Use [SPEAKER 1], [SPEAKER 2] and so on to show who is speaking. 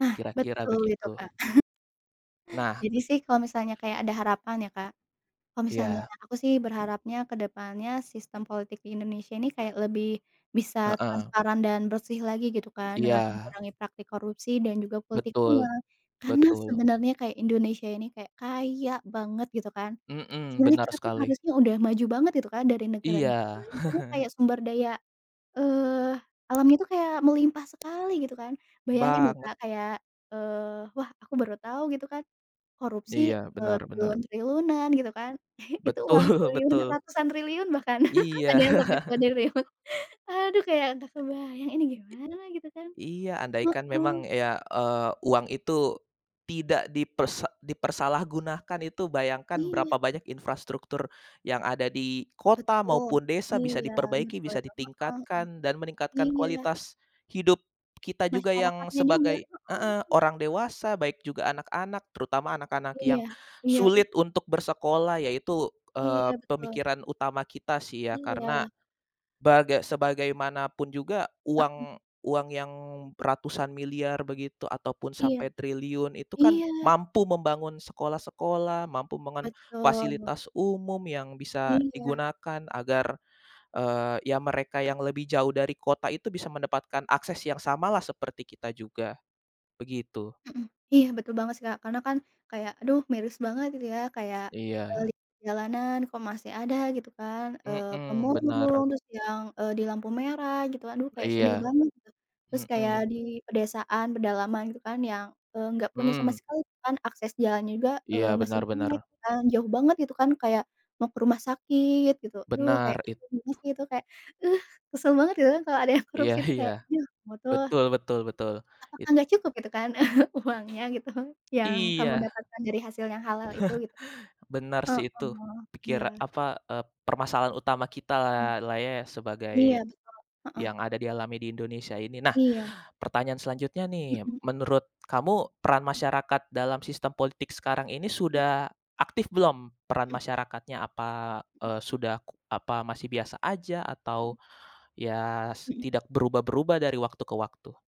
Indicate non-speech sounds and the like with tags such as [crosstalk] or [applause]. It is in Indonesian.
[SPEAKER 1] Nah,
[SPEAKER 2] Kira-kira
[SPEAKER 1] betul itu,
[SPEAKER 2] begitu.
[SPEAKER 1] Kak. [chuckles]
[SPEAKER 2] Nah, k
[SPEAKER 1] Jadi sih, kalau misalnya kayak ada harapan ya, Kak, kalau misalnya
[SPEAKER 2] Iya.
[SPEAKER 1] aku sih berharapnya, ke depannya, sistem politik di Indonesia ini kayak lebih bisa
[SPEAKER 2] Heeh.
[SPEAKER 1] transparan dan bersih lagi, gitu kan, dengan
[SPEAKER 2] Iya.
[SPEAKER 1] mengurangi praktik korupsi dan juga politik
[SPEAKER 2] Betul.
[SPEAKER 1] uang. Karena,
[SPEAKER 2] Betul.
[SPEAKER 1] sebenarnya kayak Indonesia ini kayak kaya banget, gitu kan.
[SPEAKER 2] Mhm,
[SPEAKER 1] Sebenarnya
[SPEAKER 2] benar
[SPEAKER 1] kita tuh
[SPEAKER 2] sekali.
[SPEAKER 1] harusnya udah maju banget, gitu kan, dari negara-negara
[SPEAKER 2] Iya.
[SPEAKER 1] lain. Karena kayak
[SPEAKER 2] [chuckles]
[SPEAKER 1] sumber daya, eee, alamnya tuh kayak melimpah sekali, gitu kan. Bayangin lo,
[SPEAKER 2] Banget.
[SPEAKER 1] Kak, kayak, eee, wah aku baru tahu, gitu kan. Korupsi,
[SPEAKER 2] Iya,
[SPEAKER 1] eee,
[SPEAKER 2] benar benar.
[SPEAKER 1] triliun-triliunan, gitu kan. [chuckles] Itu uang
[SPEAKER 2] Betul
[SPEAKER 1] triliunan
[SPEAKER 2] betul.
[SPEAKER 1] ratusan triliun, bahkan. [laughs]
[SPEAKER 2] Iya.
[SPEAKER 1] Ada yang lebih,
[SPEAKER 2] [laughs]
[SPEAKER 1] kuadriliun. Aduh, kayak nggak kebayang, ini gimana lah, gitu kan.
[SPEAKER 2] Iya. Andaikan
[SPEAKER 1] Heeh.
[SPEAKER 2] memang ya, eee, uang itu tidak dipersa dipersalahgunakan itu, bayangkan,
[SPEAKER 1] Iya.
[SPEAKER 2] berapa banyak infrastruktur yang ada di kota
[SPEAKER 1] Betul.
[SPEAKER 2] maupun desa bisa
[SPEAKER 1] Iya,
[SPEAKER 2] diperbaiki,
[SPEAKER 1] betul
[SPEAKER 2] bisa
[SPEAKER 1] itu. Heeh heeh.
[SPEAKER 2] ditingkatkan, dan meningkatkan
[SPEAKER 1] Iya.
[SPEAKER 2] kualitas hidup kita juga, yang
[SPEAKER 1] Masyarakatnya juga,
[SPEAKER 2] sebagai
[SPEAKER 1] heeh,
[SPEAKER 2] heeh,
[SPEAKER 1] mhm.
[SPEAKER 2] orang dewasa, baik juga anak-anak, terutama anak-anak yang
[SPEAKER 1] Iya. Iya, ih.
[SPEAKER 2] sulit untuk bersekolah. Ya itu,
[SPEAKER 1] Iya,
[SPEAKER 2] eee,
[SPEAKER 1] betul.
[SPEAKER 2] pemikiran utama kita, sih ya. Karena,
[SPEAKER 1] Iya.
[SPEAKER 2] baga sebagaimanapun juga,
[SPEAKER 1] Mhm.
[SPEAKER 2] uang uang yang ratusan miliar begitu ataupun
[SPEAKER 1] Iya.
[SPEAKER 2] sampai triliun itu kan,
[SPEAKER 1] Iya!
[SPEAKER 2] mampu membangun sekolah-sekolah, mampu membangun
[SPEAKER 1] Betul.
[SPEAKER 2] fasilitas umum, yang bisa
[SPEAKER 1] Iya.
[SPEAKER 2] digunakan agar, eee, ya mereka yang lebih jauh dari kota itu bisa mendapatkan akses yang samalah, seperti kita juga. Begitu.
[SPEAKER 1] Mhm, iya, betul banget sih, Kak. Karena kan, kayak aduh, miris banget, gitu ya. Kayak, eee,
[SPEAKER 2] Iya.
[SPEAKER 1] lik jalanan kok masih ada, gitu kan. Eee,
[SPEAKER 2] Mhm, benar.
[SPEAKER 1] pemulung, terus yang, eee, di lampu merah, gitu. Aduh, kayak sedih
[SPEAKER 2] Iya.
[SPEAKER 1] banget, gitu. Terus kayak
[SPEAKER 2] Mhm.
[SPEAKER 1] di pedesaan, pedalaman gitu kan yang, eee, nggak punya sama
[SPEAKER 2] Mhm.
[SPEAKER 1] sekali kan, akses jalannya juga,
[SPEAKER 2] Iya,
[SPEAKER 1] eee, masih
[SPEAKER 2] benar
[SPEAKER 1] jelek,
[SPEAKER 2] benar.
[SPEAKER 1] kan. Jauh banget, gitu kan, kayak mau ke rumah sakit, gitu. Aduh, kayak
[SPEAKER 2] Benar, it
[SPEAKER 1] gimana
[SPEAKER 2] tu
[SPEAKER 1] sih itu? Kayak, uh! Kesel banget, gitu kan, kalau ada yang
[SPEAKER 2] Iya
[SPEAKER 1] korupsi tuh,
[SPEAKER 2] iya.
[SPEAKER 1] kayak, "Yah, mu tuh."
[SPEAKER 2] Betul betul betul. It
[SPEAKER 1] "Apakah nggak cukup," gitu kan [chuckles] "uangnya," gitu,
[SPEAKER 2] [tsk]
[SPEAKER 1] "yang
[SPEAKER 2] Iya.
[SPEAKER 1] kamu dapatkan dari hasil yang halal itu," gitu.
[SPEAKER 2] [chuckles] Benar sih, itu.
[SPEAKER 1] Heeh,
[SPEAKER 2] Pikira
[SPEAKER 1] iya.
[SPEAKER 2] apa, eee, permasalahan utama kita lah
[SPEAKER 1] Mmm.
[SPEAKER 2] lah ye, sebagai
[SPEAKER 1] Iya, betul. Heeh.
[SPEAKER 2] yang ada dialami di Indonesia ini. Nah,
[SPEAKER 1] Iya.
[SPEAKER 2] pertanyaan selanjutnya,
[SPEAKER 1] Mhm
[SPEAKER 2] nih.
[SPEAKER 1] mhm.
[SPEAKER 2] Menurut kamu, peran masyarakat dalam sistem politik sekarang ini sudah aktif belum, peran
[SPEAKER 1] Mmm.
[SPEAKER 2] masyarakatnya? Apa,
[SPEAKER 1] Mhm.
[SPEAKER 2] eee, sudah ku apa masih biasa aja
[SPEAKER 1] Mhm.
[SPEAKER 2] atau, ya s
[SPEAKER 1] Mhm.
[SPEAKER 2] tidak berubah-berubah dari waktu ke waktu?